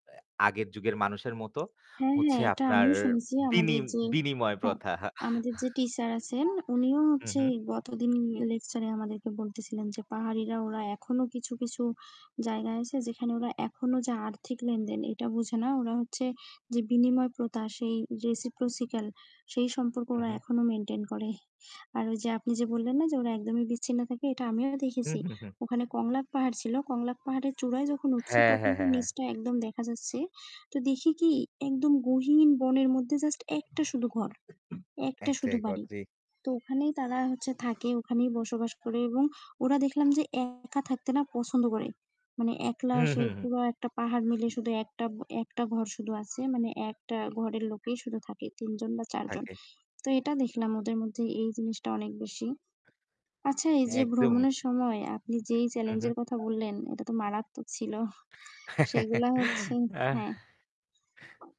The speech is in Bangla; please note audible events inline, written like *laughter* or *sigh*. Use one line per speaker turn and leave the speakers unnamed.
অ্যা আগের যুগের মানুষের মত
হ্যাঁ, হ্যাঁ
হচ্ছে
এটা
আপনার
আমিও শুনেছি,
বিনি
আমাদের যে
বিনিময়
হ্যাঁ।
প্রথা। *chuckles*
আমাদের যে টিচার আছেন উনিও
হু,
হচ্ছে
হু।
গতদিন লেকচার এ আমাদেরকে বলতেছিলেন যে পাহাড়িরা ওরা এখনো কিছু, কিছু জায়গায় আছে যেখানে ওরা এখনো যে আর্থিক লেনদেন এটা বুঝে না। ওরা হচ্ছে যে বিনিময় প্রথা সেই রেসিপ্রসিকাল সেই সম্পর্কে
হু,
ওরা
হু।
এখনো মেইনটেইন করে। আর ওই যে আপনি যে বললেন না যে ওরা একদমই বিচ্ছিন্ন থাকে এটা আমিও
হু,
দেখেছি।
হু, হু।
ওখানে কংলাক পাহাড় ছিলো কংলাক পাহাড়ের চূড়ায় যখন উঠছি
হ্যাঁ,
তখন
হ্যাঁ,
তো
হ্যাঁ, হ্যাঁ।
নিচটা একদম দেখা যাচ্ছে তো দেখি কি একদম গহীন বনের মধ্যে জাস্ট ১ টা শুধু ঘর ১ টা শুধু বাড়ি
*unintelligible*
তো ওখানেই তারা হচ্ছে থাকে ওখানেই বসবাস করে এবং ওরা দেখলাম যে একা থাকতে না পছন্দ করে মানে একলা
হু,
সে
হু, হু।
পুরো একটা পাহাড় মিলে শুধু একটা একটা ঘর শুধু আছে মানে একটা ঘরের লোকেই শুধু থাকে ৩ জন বা ৪ জন
থাকে।
তো এটা দেখলাম ওদের মধ্যে এই জিনিসটা অনেক বেশি। আচ্ছা এই যে
একদম।
ভ্রমণের সময় আপনি যেই
হু,
চেলেঞ্জ
হু।
এর কথা বললেন এটা তো মারাত্মক ছিল। *chuckles*
*chuckles*
সেগুলা হচ্ছে
আহ।
হ্যাঁ।